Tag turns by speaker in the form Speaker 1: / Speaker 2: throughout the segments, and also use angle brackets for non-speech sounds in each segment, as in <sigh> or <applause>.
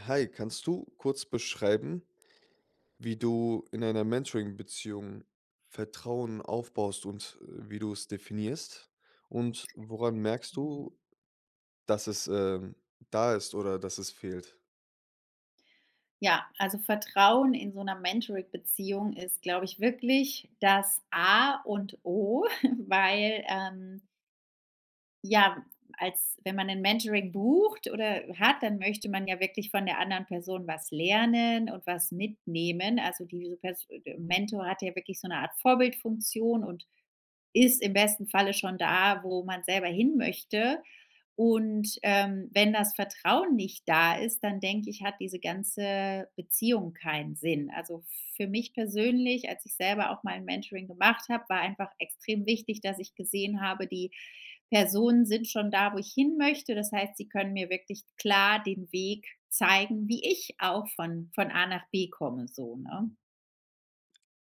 Speaker 1: Hi, kannst du kurz beschreiben wie du in einer Mentoring-Beziehung Vertrauen aufbaust und, äh, wie du's definierst? Und woran merkst
Speaker 2: Mhm.
Speaker 1: du dass es, ähm, da ist oder dass es fehlt?
Speaker 2: Ja also Vertrauen in so 'ner Mentoring-Beziehung ist glaube ich wirklich das A und O <chuckles> weil, ähm ja als wenn man 'n Mentoring bucht oder hat dann möchte man ja wirklich von der anderen Person was lernen und was mitnehmen. Also diese pers e Mentor hat ja wirklich so 'ne Art Vorbildfunktion und ist im besten Falle schon da wo man selber hinmöchte. Und, ähm, wenn das Vertrauen nicht da ist, dann denke ich, hat diese ganze Beziehung keinen Sinn. Also, f für mich persönlich als ich selber auch mal 'n Mentoring gemacht hab war einfach extrem wichtig dass ich gesehen habe die Personen sind schon da, wo ich hinmöchte. Das heißt sie können mir wirklich klar den Weg zeigen wie ich auch von von A nach B komme so, ne?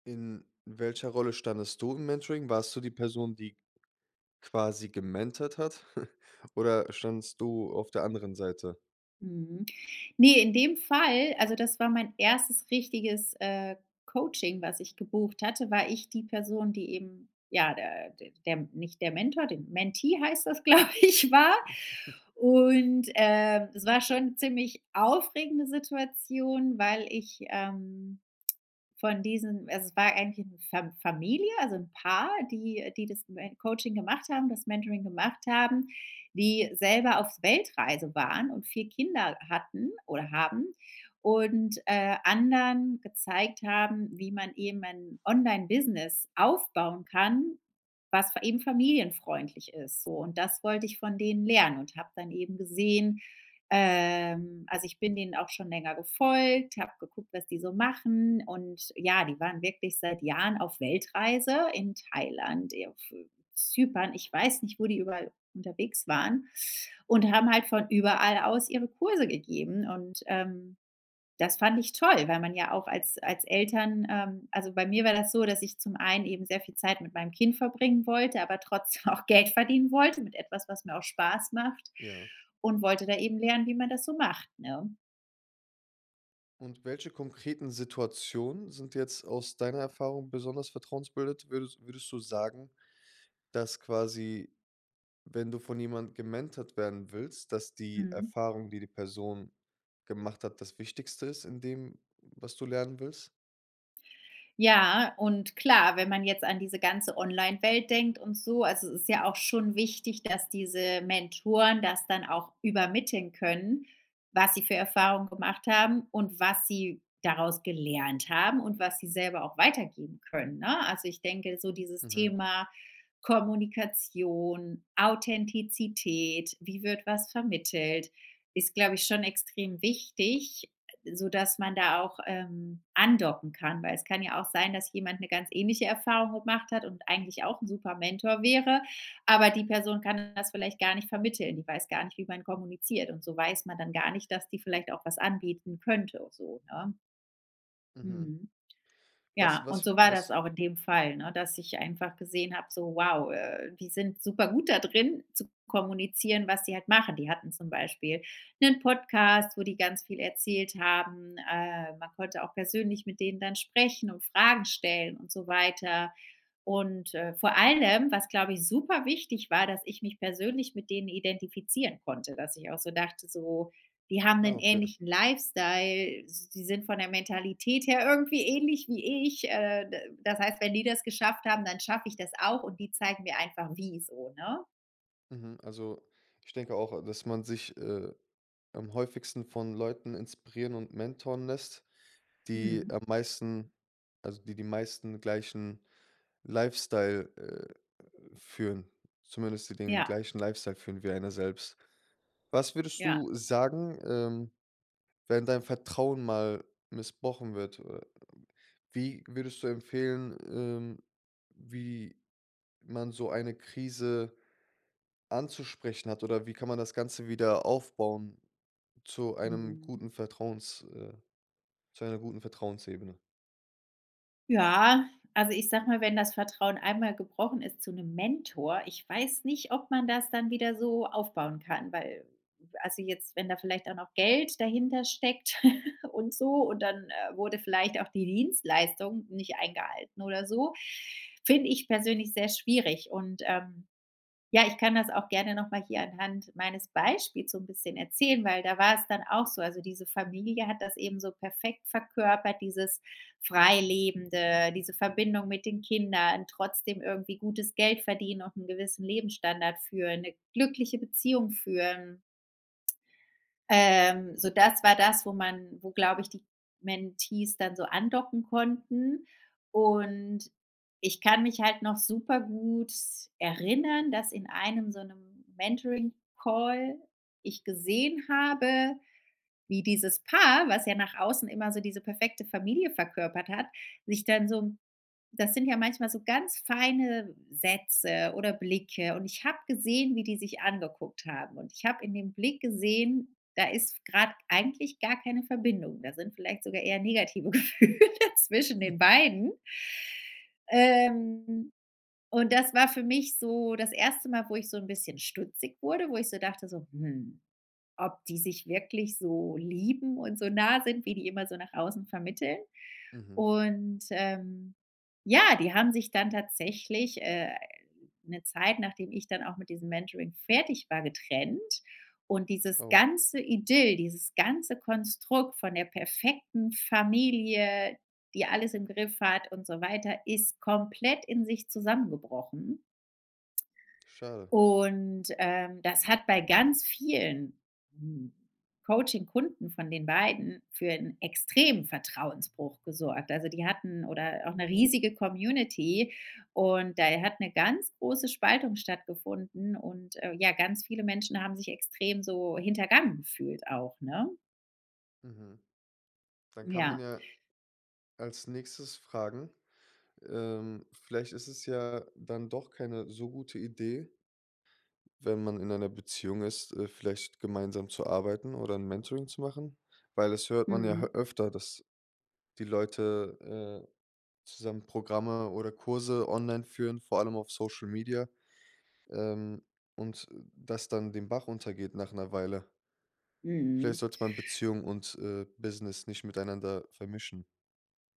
Speaker 1: In welcher Rolle standest du im Mentoring? Warst du die Person, die quasi gementort hat <chuckles> oder standest du auf der anderen Seite?
Speaker 2: Mhm. Ne, in dem Fall also, das war mein 1. richtiges, äh, Coaching was ich gebucht hatte, war ich die Person die eben ja, der der nicht der Mentor dem Mentee heißt das, glaube ich, war.
Speaker 1: <chuckles>
Speaker 2: Und, ähm, es war schon 'ne ziemlich aufregende Situation, weil ich, ähm, von diesen also, es war eigentlich 'ne Fa Familie, also 'n Paar, die die das Me Coaching gemacht haben das Mentoring gemacht haben, die selber auf Weltreise waren und 4 Kinder hatten oder haben. Und, äh, anderen gezeigt haben wie man eben ein Online-Business aufbauen kann, was fa eben familienfreundlich ist so. Und das wollte ich von denen lernen und habe dann eben gesehen, ähm also, ich bin denen auch schon länger gefolgt, habe geguckt was die so machen und, ja, die waren wirklich seit Jahren auf Weltreise in Thailand, e auf Zypern. Ich weiß nicht wo die überall unterwegs waren und haben halt von überall aus ihre Kurse gegeben. Und, ähm, das fand ich toll, weil man ja auch als als Eltern ähm, also, bei mir war das so, dass ich zum einen eben sehr viel Zeit mit meinem Kind verbringen wollte, aber trotzdem auch Geld verdienen wollte, mit etwas was mir auch Spaß macht
Speaker 1: Ja.
Speaker 2: und wollte eben dort lernen wie man das so macht ne?
Speaker 1: Und welche konkreten Situationen sind jetzt aus deiner Erfahrung besonders vertrauensbildend? Würdet würdest du sagen, dass quasi, wenn du von jemand gementored werden willst, dass die
Speaker 2: Mhm.
Speaker 1: Erfahrung, die die Person gemacht hat, das Wichtigste ist in dem, was du lernen willst?
Speaker 2: Ja und klar, wenn man jetzt an diese ganze Online-Welt denkt und so, also es ist ja auch schon wichtig, dass diese Mentoren das dann auch übermitteln können, was sie für Erfahrungen gemacht haben und was sie daraus gelernt haben und was sie selber auch weitergeben können, ne? Also, ich denke, so dieses
Speaker 1: Mhm.
Speaker 2: Thema Kommunikation, Authentizität, wie wird was vermittelt, ist, glaube ich, schon extrem wichtig, sodass man da auch, ähm, andocken kann, weil es kann ja auch sein, dass jemand eine ganz ähnliche Erfahrung gemacht hat und eigentlich auch 'n super Mentor wäre, aber die Person kann das vielleicht gar nicht vermitteln. Die weiß gar nicht, wie man kommuniziert, und so weiß man dann gar nicht, dass die vielleicht auch was anbieten könnte, so, ne?
Speaker 1: Mhm.
Speaker 2: Mhm.
Speaker 1: Was
Speaker 2: Ja, und
Speaker 1: was
Speaker 2: so war das
Speaker 1: was
Speaker 2: auch in dem Fall, ne, dass ich einfach gesehen habe, so wow, äh, die sind supergut da drin, zu kommunizieren, was sie halt machen. Die hatten zum Beispiel 'nen Podcast, wo die ganz viel erzählt haben. Äh, man konnte auch persönlich mit denen dann sprechen und Fragen stellen und so weiter. Und, äh, vor allem was, glaube ich, superwichtig war, dass ich mich persönlich mit denen identifizieren konnte, dass ich auch so dachte, so, die haben
Speaker 1: Ah
Speaker 2: 'nen
Speaker 1: okay.
Speaker 2: ähnlichen Lifestyle, die sind von der Mentalität her irgendwie ähnlich wie ich. Äh, d das heißt, wenn die das geschafft haben, dann schaffe ich das auch und die zeigen mir einfach, wie, so ne?
Speaker 1: Mhm. Also, ich denke auch, a dass man sich, äh, am häufigsten von Leuten inspirieren und mentoren lässt, die
Speaker 2: Mhm.
Speaker 1: am meisten also die die meisten gleichen Lifestyle, äh, führen zumindest die den
Speaker 2: Ja.
Speaker 1: gleichen Lifestyle führen wie einer selbst. Was würdest
Speaker 2: Ja.
Speaker 1: du sagen, ähm, wenn dein Vertrauen mal missbraucht wird? Äh, wie würdest du empfehlen ähm, wie man so eine Krise anzusprechen hat oder wie kann man das Ganze wieder aufbauen zu einem
Speaker 2: Mhm.
Speaker 1: guten Vertrauens äh, zu einer guten Vertrauensebene?
Speaker 2: Ja, also ich sage mal wenn das Vertrauen einmal gebrochen ist zu 'nem Mentor, ich weiß nicht ob man das dann wieder so aufbauen kann weil also jetzt wenn da vielleicht auch noch Geld dahintersteckt <giggles> und so und dann, äh, wurde vielleicht auch die Dienstleistung nicht eingehalten oder so. <inhales> Finde ich persönlich sehr schwierig. Und, ähm ja ich kann das auch gerne noch mal hier anhand meines Beispiels so 'n bisschen erzählen weil da war es dann auch so. Also, diese Familie hat das eben so perfekt verkörpert dieses Freilebende diese Verbindung mit den Kindern trotzdem irgendwie gutes Geld verdienen und 'n gewissen Lebensstandard führen, 'ne glückliche Beziehung führen ähm, so das war das wo man wo glaube ich die Mentees dann so andocken konnten. Und ich kann mich halt noch super gut s erinnern dass in einem so 'nem Mentoring-Call ich gesehen habe wie dieses Paar was ja nach außen immer so diese perfekte Familie verkörpert hat, sich dann so 'n das sind ja manchmal so ganz feine Sätze oder Blicke und ich habe gesehen wie die sich angeguckt haben. Und ich habe in dem Blick gesehen: Da ist f grad eigentlich gar keine Verbindung. Da sind vielleicht sogar eher negative Gefühle zwischen den beiden. Ähm, und das war für mich so das 1. Mal wo ich so 'n bisschen stutzig wurde wo ich so dachte so: „Hm ob die sich wirklich so lieben und so nah sind wie die immer so nach außen vermitteln?“
Speaker 1: Mhm.
Speaker 2: Und, ähm, ja die haben sich dann tatsächlich, äh, 'ne Zeit, nachdem ich dann auch mit diesem Mentoring fertig war, getrennt. Und dieses
Speaker 1: Oh.
Speaker 2: ganze Idyll, dieses ganze Konstrukt von der perfekten Familie, die alles im Griff hat und so weiter, ist komplett in sich zusammengebrochen.
Speaker 1: Schade.
Speaker 2: Und, ähm, das hat bei ganz vielen, hm Coaching-Kunden von den beiden für 'n extremen Vertrauensbruch gesorgt. Also, die hatten oder auch 'ne riesige Community und da hat 'ne ganz große Spaltung stattgefunden. Und, äh, ja ganz viele Menschen haben sich extrem so hintergangen gefühlt auch ne?
Speaker 1: Mhm. Dann kann man
Speaker 2: Ja.
Speaker 1: ja als Nächstes fragen ähm, vielleicht ist es ja dann doch keine so gute Idee, wenn man in einer Beziehung ist, äh, vielleicht gemeinsam zu arbeiten oder 'n Mentoring zu machen? Weil das hört man ja h
Speaker 2: Mhm.
Speaker 1: öfter, dass die Leute, äh, zusammen Programme oder Kurse online führen, vor allem auf Social-Media, ähm, und, äh, das dann den Bach runtergeht nach 'ner Weile. Vielleicht
Speaker 2: Mhm.
Speaker 1: sollte man Beziehung und, äh, Business nicht miteinander vermischen.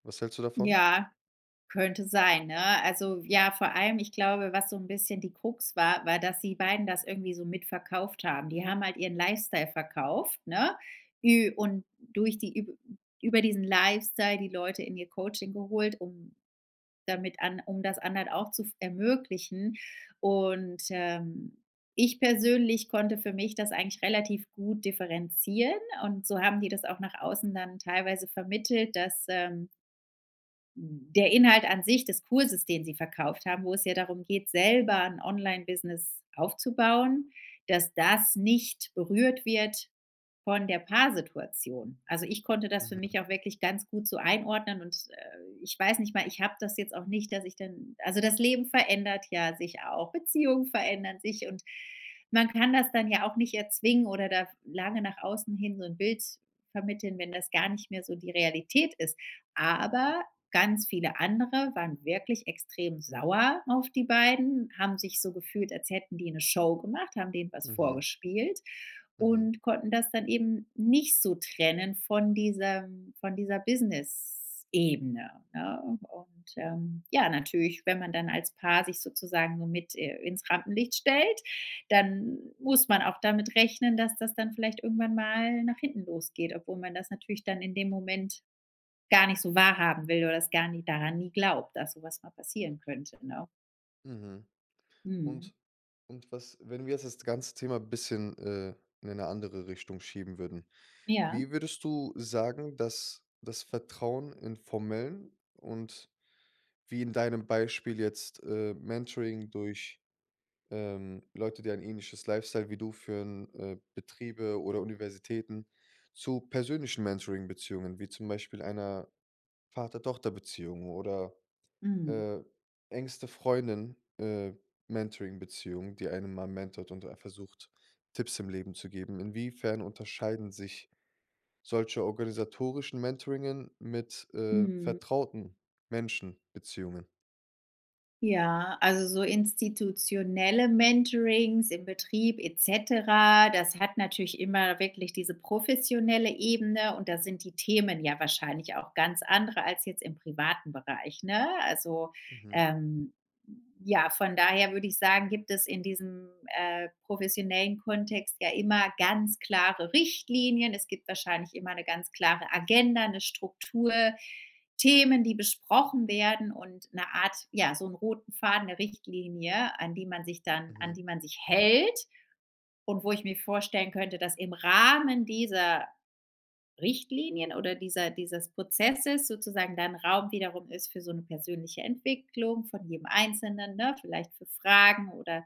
Speaker 1: Was hältst du davon?
Speaker 2: Ja, könnte sein, ne? Also ja, vor allem, ich glaube, was so 'n bisschen die Krux war, war dass die beiden das irgendwie so mit verkauft haben. Die haben halt ihren Lifestyle verkauft, ne, ü und durch die üb über diesen Lifestyle die Leute in ihr Coaching geholt um damit an um das anderen auch zu f ermöglichen. Und, ähm, ich persönlich konnte für mich das eigentlich relativ gut differenzieren, und so haben die das auch nach außen dann teilweise vermittelt, dass, ähm der Inhalt an sich des Kurses, den sie verkauft haben, wo es ja darum geht, selber 'n Online-Business aufzubauen, dass das nicht berührt wird von der Paar-Situation. Also ich konnte das für
Speaker 1: Mhm.
Speaker 2: mich auch wirklich ganz gut so einordnen und, äh, ich weiß nicht mal, ich habe das jetzt auch nicht, dass ich dann also, das Leben verändert ja sich auch. Beziehungen verändern sich, und man kann das dann ja auch nicht erzwingen oder da lange nach außen hin so 'n Bild vermitteln, wenn das gar nicht mehr so die Realität ist. Aber ganz viele andere waren wirklich extrem sauer auf die beiden, haben sich so gefühlt, als hätten die 'ne Show gemacht, haben denen was
Speaker 1: Mhm.
Speaker 2: vorgespielt
Speaker 1: Mhm.
Speaker 2: und konnten das dann eben nicht so trennen von diesem von dieser Business-Ebene, ne? Und ähm, ja, natürlich, wenn man dann als Paar sich sozusagen nur mit äh, ins Rampenlicht stellt, dann muss man auch damit rechnen, dass das dann vielleicht irgendwann mal nach hinten losgeht, obwohl man das natürlich dann in dem Moment gar nicht so wahrhaben will oder das gar nie daran nie glaubt, dass so was mal passieren könnte, ne?
Speaker 1: Mhm,
Speaker 2: Mhm.
Speaker 1: und und was wenn wir jetzt das ganze Thema bisschen, äh, in eine andere Richtung schieben würden,
Speaker 2: Ja.
Speaker 1: wie würdest du sagen, dass das Vertrauen in formellen und wie in deinem Beispiel jetzt, äh, Mentoring durch ähm, Leute, die ein ähnliches Lifestyle wie du führen äh, Betriebe oder Universitäten zu persönlichen Mentoring-Beziehungen, wie zum Beispiel einer Vater-Tochter-Beziehung oder,
Speaker 2: Mhm.
Speaker 1: äh engste Freundin, äh, Mentoring-Beziehung, die einem mal mentort und ein versucht, Tipps im Leben zu geben. Inwiefern unterscheiden sich solche organisatorischen Mentoringen mit, äh,
Speaker 2: Mhm.
Speaker 1: vertrauten Menschen-Beziehungen?
Speaker 2: Ja also so institutionelle Mentorings im Betrieb et cetera das hat natürlich immer wirklich diese professionelle Ebene und da sind die Themen ja wahrscheinlich auch ganz andere als jetzt im privaten Bereich ne? Also,
Speaker 1: Mhm.
Speaker 2: ähm ja von daher würde ich sagen gibt es in diesem, äh, professionellen Kontext ja immer ganz klare Richtlinien. Es gibt wahrscheinlich immer 'ne ganz klare Agenda, 'ne Struktur Themen die besprochen werden und 'ne Art ja so 'n roten Faden 'ne Richtlinie an die man sich dann an
Speaker 1: Mhm.
Speaker 2: die man sich hält und wo ich mir vorstellen könnte dass im Rahmen dieser Richtlinien oder dieser dieses Prozesses sozusagen dann Raum wiederum ist für so 'ne persönliche Entwicklung von jedem Einzelnen, ne, vielleicht für Fragen oder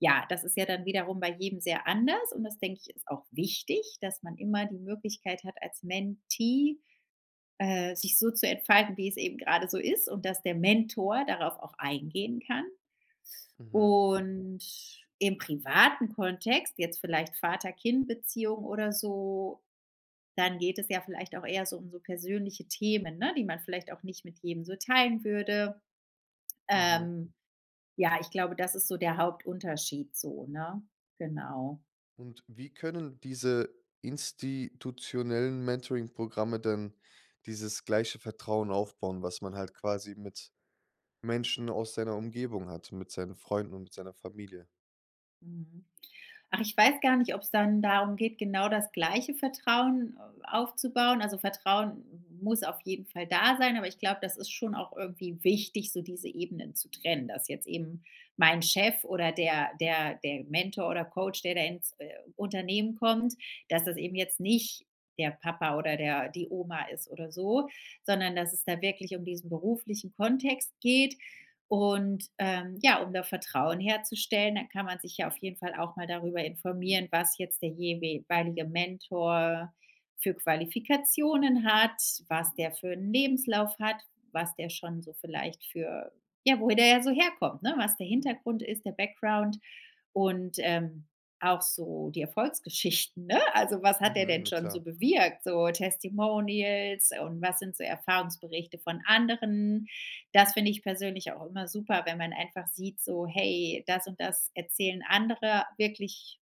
Speaker 2: ja. Das ist ja dann wiederum bei jedem sehr anders und das denke ich ist auch wichtig dass man immer die Möglichkeit hat als Mentee, äh, sich so zu entfalten wie es eben gerade so ist und dass der Mentor darauf auch eingehen kann.
Speaker 1: Mhm.
Speaker 2: Und im privaten Kontext jetzt vielleicht Vater-Kind-Beziehung oder so dann geht es ja vielleicht auch eher so um so persönliche Themen ne, die man vielleicht auch nicht mit jedem so teilen würde.
Speaker 1: Mhm.
Speaker 2: Ähm, ja, ich glaube, das ist so der Hauptunterschied so, ne? Genau.
Speaker 1: Und wie können diese institutionellen Mentoring-Programme denn dieses gleiche Vertrauen aufbauen, was man halt quasi mit Menschen aus seiner Umgebung hat, mit seinen Freunden und mit seiner Familie?
Speaker 2: Mhm, ach, ich weiß gar nicht, ob's dann darum geht, genau das gleiche Vertrauen aufzubauen. Also, Vertrauen muss auf jeden Fall da sein, aber ich glaube, das ist schon auch irgendwie wichtig, so diese Ebenen zu trennen. Dass jetzt eben mein Chef oder der der der Mentor oder Coach, der da ins, äh, Unternehmen kommt, dass das eben jetzt nicht der Papa oder der die Oma ist oder so, sondern dass es da wirklich um diesen beruflichen Kontext geht. Und ähm, ja, um da Vertrauen herzustellen, dann kann man sich ja auf jeden Fall auch mal darüber informieren, was jetzt der jewe weilige Mentor für Qualifikationen hat, was der für 'n Lebenslauf hat, was der schon so vielleicht für ja, woher der ja so herkommt, ne? Was der Hintergrund ist, der Background und, ähm, auch so die Erfolgsgeschichten, ne? Also was hat der
Speaker 1: Mhm,
Speaker 2: denn
Speaker 1: na
Speaker 2: schon so
Speaker 1: klar.
Speaker 2: bewirkt? So Testimonials, und was sind so Erfahrungsberichte von anderen? Das finde ich persönlich auch immer super, wenn man einfach sieht so, hey, das und das erzählen Andere wirklich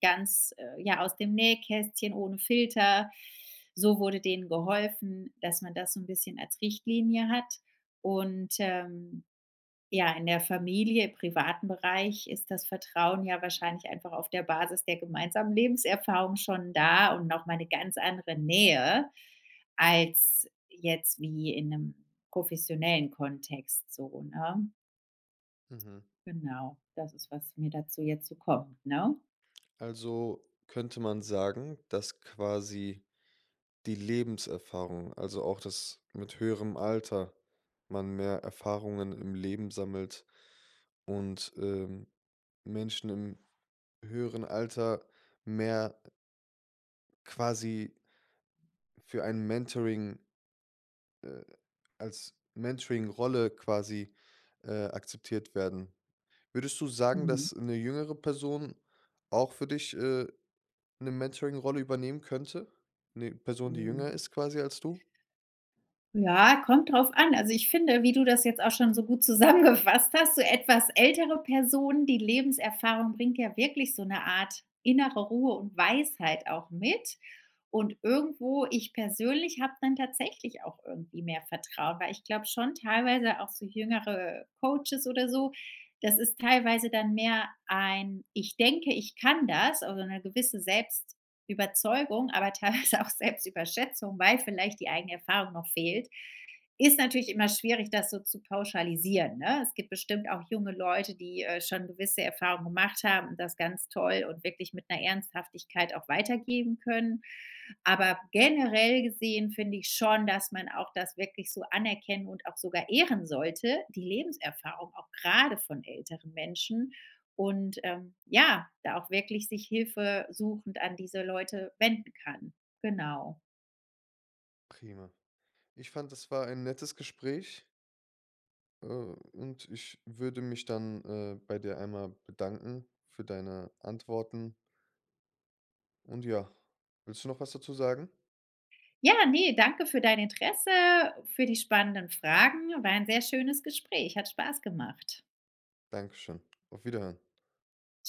Speaker 2: ganz, äh, ja, aus dem Nähkästchen ohne Filter. So wurde denen geholfen, dass man das so 'n bisschen als Richtlinie hat. Und, ähm, ja, in der Familie, privaten Bereich ist das Vertrauen ja wahrscheinlich einfach auf der Basis der gemeinsamen Lebenserfahrung schon da und noch mal 'ne ganz andere Nähe, als jetzt wie in 'nem professionellen Kontext so, ne?
Speaker 1: Mhm.
Speaker 2: Genau. Das ist, was mir dazu jetzt so kommt, ne?
Speaker 1: Also, könnte man sagen, dass quasi die Lebenserfahrung, also auch, dass mit höherem Alter, man mehr Erfahrungen im Leben sammelt und, ähm, Menschen im höheren Alter mehr quasi für ein Mentoring äh, als Mentoringrolle quasi, äh, akzeptiert werden. Würdest du sagen,
Speaker 2: Mhm.
Speaker 1: dass 'ne jüngere Person auch für dich, äh, 'ne Mentoringrolle übernehmen könnte? 'Ne Person die jünger
Speaker 2: Mhm.
Speaker 1: ist quasi als du?
Speaker 2: Ja, kommt drauf an. Also, ich finde, wie du das jetzt auch schon so gut zusammengefasst hast, so etwas ältere Personen die Lebenserfahrung bringt ja wirklich so 'ne Art innere Ruhe und Weisheit auch mit. Und irgendwo, ich persönlich habe dann tatsächlich auch irgendwie mehr Vertrauen, weil ich glaube, schon teilweise auch so jüngere Coaches oder so, das ist teilweise dann mehr ein „Ich denke, ich kann das“, also 'ne gewisse Selbstüberzeugung, aber teilweise auch Selbstüberschätzung, weil vielleicht die eigene Erfahrung noch fehlt. Ist natürlich immer schwierig, das so zu pauschalisieren, ne? Es gibt bestimmt auch junge Leute, die, äh, schon gewisse Erfahrungen gemacht haben und das ganz toll und wirklich mit 'ner Ernsthaftigkeit auch weitergeben können. Aber generell gesehen finde ich schon, dass man auch das wirklich so anerkennen und auch sogar ehren sollte, die Lebenserfahrung auch grade von älteren Menschen, und, ähm, ja, da auch wirklich sich hilfesuchend an diese Leute wenden kann. Genau.
Speaker 1: Prima. Ich fande, das war ein nettes Gespräch. Äh, und ich würde mich dann, äh, bei dir einmal bedanken für deine Antworten. Und ja, willst du noch was dazu sagen?
Speaker 2: Ja, ne, danke für dein Interesse, für die spannenden Fragen. War ein sehr schönes Gespräch, hat Spaß gemacht.
Speaker 1: Dankeschön. Auf Wiederhören.
Speaker 2: Tschü